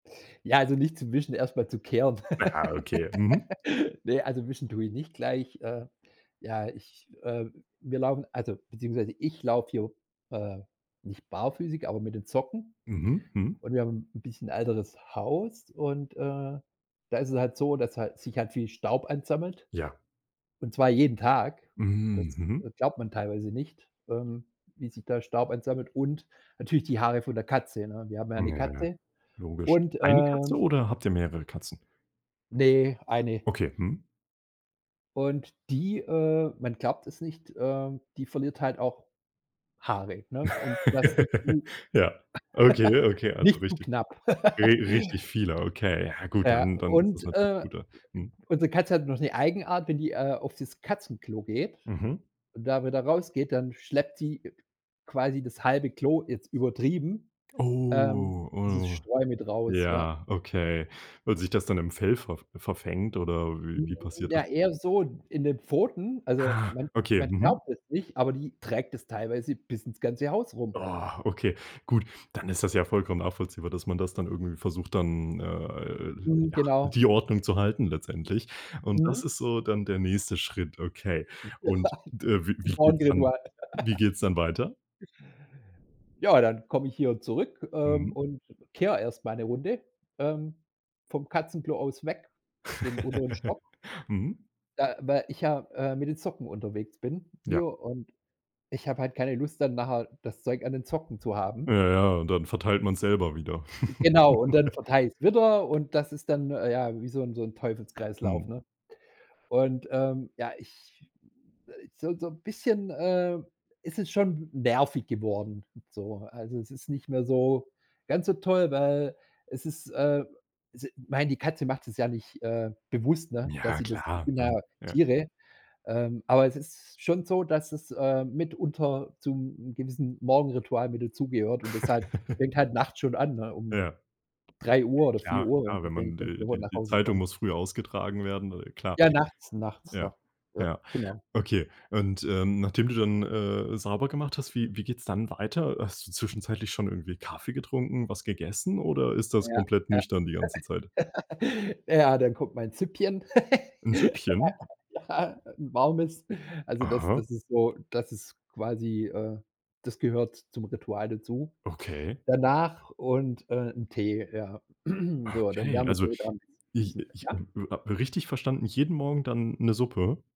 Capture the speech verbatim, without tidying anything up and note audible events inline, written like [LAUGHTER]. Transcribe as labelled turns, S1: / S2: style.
S1: Ja, also nicht zum Wischen, erst mal zu kehren.
S2: Ja, okay. Mhm.
S1: [LAUGHS] Ne, also Wischen tue ich nicht gleich. Äh, ja, ich äh, wir laufen also, beziehungsweise ich laufe hier, äh, nicht barfüßig, aber mit den Socken.
S2: Mhm. Mhm.
S1: Und wir haben 'n bisschen älteres Haus. Und, äh, da ist es halt so, dass hal sich halt viel Staub ansammelt.
S2: Ja.
S1: Und zwar jeden Tag. Das,
S2: Mhm. Mhm.
S1: äh, glaubt man teilweise nicht, ähm, wie sich da Staub ansammelt. Und natürlich die Haare von der Katze, ne? Wir haben ja 'ne
S2: Na.
S1: Katze
S2: Logisch.
S1: und
S2: eine Katze
S1: ähm
S2: oder habt ihr mehrere Katzen?
S1: Ne, eine.
S2: Okay. Mhm.
S1: Und die, äh, man glaubt es nicht äh, die verliert halt auch Haare, ne? Und das nicht
S2: [LAUGHS]
S1: zu
S2: Ja, okay, okay,
S1: [LAUGHS]
S2: also
S1: nicht zu
S2: richtig.
S1: knapp.
S2: Ri
S1: [LAUGHS]
S2: richtig viele, okay. Ja gut,
S1: Ja,
S2: dann dann ist das
S1: und,
S2: natürlich
S1: äh,
S2: gut da Mhm.
S1: unsere Katze hat noch 'ne Eigenart, wenn die, äh, auf das Katzenklo geht
S2: Mhm.
S1: und da wieder rausgeht, dann schleppt sie quasi das halbe Klo, jetzt übertrieben ähm,
S2: Oh.
S1: dieses
S2: Oh,
S1: Streu mit raus, ja.
S2: ja, okay. Weil sich das dann im Fell verf verfängt oder wie
S1: Hm,
S2: wie passiert das?
S1: ja eher so in in den Pfoten, also,
S2: Ah.
S1: man
S2: Okay.
S1: man
S2: Mhm.
S1: glaubt es nicht, aber die trägt das teilweise bis ins ganze Haus rum.
S2: [GROANS] .Okay, gut. Dann ist das ja vollkommen nachvollziehbar, dass man das dann irgendwie versucht, dann, äh
S1: Mhm.
S2: ja,
S1: Genau.
S2: die Ordnung zu halten letztendlich. Und
S1: Mhm.
S2: das ist so dann der nächste Schritt. Okay. Und d wie
S1: [LAUGHS] Zum
S2: wie geht's dann
S1: Morgenritual.
S2: wie
S1: [LAUGHS]
S2: geht's dann dann weiter?
S1: Ja, dann komme ich hier zurück, ähm,
S2: Mhm.
S1: und kehre erst mal 'ne Runde, ähm, vom Katzenklo aus weg, den unteren
S2: [LAUGHS]
S1: Stock.
S2: Mhm.
S1: ich ja, äh, mit den Socken unterwegs bin
S2: Ja.
S1: hier, und ich habe halt keine Lust dann nachher das Zeug an den Socken zu
S2: Äh,
S1: haben.
S2: ja, und dann verteilt man's selber wieder.
S1: Genau und dann
S2: [LAUGHS]
S1: verteile ich's wieder, und das ist dann ja wie so 'n so 'n Teufelskreislauf,
S2: Mhm.
S1: ne? Und, ähm, ja, ich so so 'n bisschen, ähm, ist es schon nervig geworden, so. Also, es ist nicht mehr so ganz so toll, weil, es ist, äh, s ich mein, die Katze macht es ja nicht, äh, bewusst, ne, dass
S2: Ja,
S1: sie das das
S2: klar.
S1: sind ja
S2: [UNINTELLIGIBLE] Ja.
S1: Tiere. Ähm, aber es ist schon so, dass es, äh, mitunter zum gewissen Morgenritual mit dazugehört. Und das halt
S2: [LAUGHS]
S1: fängt halt nachts schon an, ne, um
S2: Ja.
S1: drei Uhr oder vier
S2: Ja,
S1: Uhr,
S2: klar, wenn
S1: wenn
S2: man de
S1: [UNINTELLIGIBLE]
S2: die
S1: nach
S2: die
S1: Hause
S2: Zeitung
S1: kommt.
S2: muss früh ausgetragen werden, äh, klar.
S1: Ja, nachts nachts
S2: Ja,
S1: noch. Ja,
S2: ja.
S1: genau.
S2: Okay. Und, äh, nachdem du dann, äh, sauber gemacht hast, wie wie geht's dann weiter? Hast du zwischenzeitlich schon irgendwie Kaffee getrunken, was gegessen oder ist das
S1: Ja,
S2: komplett
S1: ja.
S2: nüchtern die ganze Zeit?
S1: [LAUGHS] Ja, dann kommt mein Süppchen.
S2: 'N
S1: [LAUGHS]
S2: Süppchen?
S1: Ja, 'n warmes. Also das
S2: Aha.
S1: das ist so das ist quasi, äh das gehört zum Ritual dazu.
S2: Okay.
S1: Danach und, äh, 'n Tee, ja. [CLEARS THROAT] So, dann
S2: Okay,
S1: wärme ich
S2: also
S1: mir da 'n bis
S2: ich
S1: bisschen
S2: ich
S1: Ja?
S2: [UNINTELLIGIBLE] richtig verstanden, jeden Morgen dann 'ne Suppe?